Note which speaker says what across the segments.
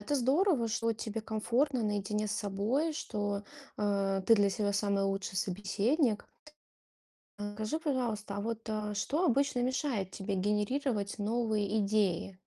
Speaker 1: Это здорово, что тебе комфортно наедине с собой, что, э, ты для себя самый лучший собеседник. А, скажи, пожалуйста, а вот, а, что обычно мешает тебе генерировать новые идеи?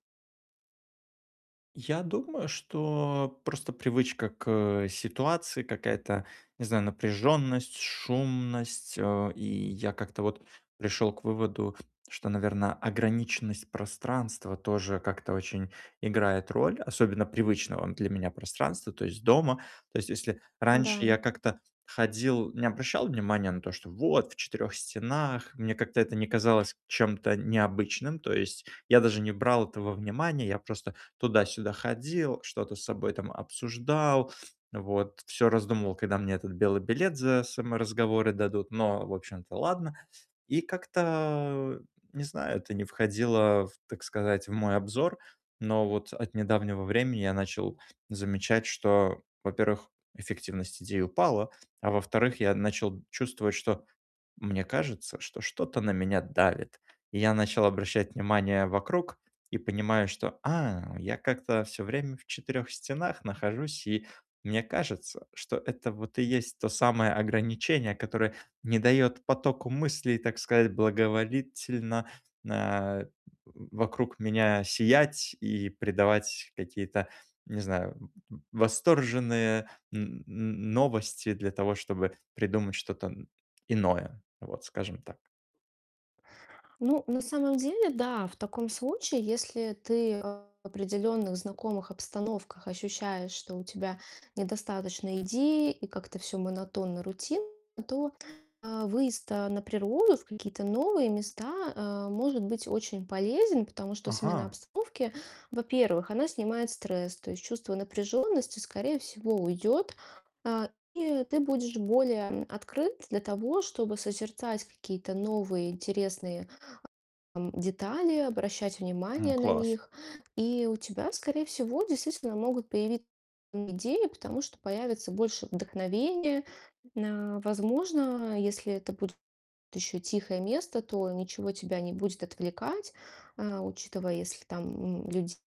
Speaker 2: Я думаю, что просто привычка к, э, ситуации какая-то, не знаю, напряжённость, шумность. Э, и я как-то вот пришёл к выводу, что, наверно, ограниченность пространства тоже, как-то очень играет роль, особенно привычного для меня пространства, то есть дома. То есть если раньше
Speaker 1: Да.
Speaker 2: я как-то ходил, не обращал внимания на то, что вот в четырёх стенах, мне как-то это не казалось чем-то необычным. То есть я даже не брал это во внимание. Я просто туда-сюда ходил, что-то с собой, там, обсуждал. Вот. Всё раздумывал, когда мне этот белый билет за саморазговоры дадут. Но, в общем-то, ладно. И как-то не знаю, это не входило в, так сказать, в мой обзор, но вот от недавнего времени я начал замечать, что, во-первых, эффективность идей упала, а, во-вторых, я начал чувствовать, что мне кажется, что что-то на меня давит. И я начал обращать внимание вокруг и понимаю, что: "А, я как-то всё время в четырёх стенах нахожусь". И мне кажется, что это, вот и есть то самое ограничение, которое не даёт потоку мыслей, так сказать, благоволительно, нэ э, вокруг меня сиять и придавать какие-то, не знаю, э, восторженные н н новости для того, чтобы придумать что-то н иное. Вот, скажем так.
Speaker 1: Ну, на самом деле, да. В таком случае, если ты в определённых знакомых обстановках ощущаешь, что у тебя недостаточно идей и как-то всё монотонно, рутинно, то, а, выезд, а, на природу, в какие-то новые места, э, может быть очень полезен, потому что смена
Speaker 2: Ага.
Speaker 1: обстановки, во-первых, она снимает стресс. То есть чувство напряжённости, скорее всего, уйдёт, э, и ты будешь более, эм, открыт для того, чтобы созерцать какие-то новые интересные, эм, детали, обращать
Speaker 2: М,
Speaker 1: внимание на
Speaker 2: класс.
Speaker 1: них. И у тебя, скорее всего, действительно могут появит идеи, потому что появится больше вдохновения. Н а, возможно, если это буд ещё тихое место, то ничего тебя не будет отвлекать. Э, учитывая, если там н людь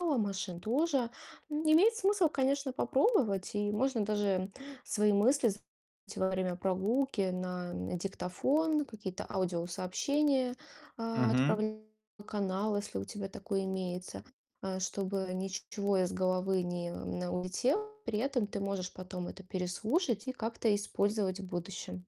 Speaker 1: мало, машин тоже. Н имеет смысл, конечно, попробовать и можно даже свои мысли з во время прогулки на, э, диктофон, какие-то аудиосообщения, а,
Speaker 2: Мгм.
Speaker 1: отправлять на канал, если у тебя такой имеется, э, чтобы ничего из головы не на улетело. При этом, ты можешь потом это переслушать и как-то использовать в будущем.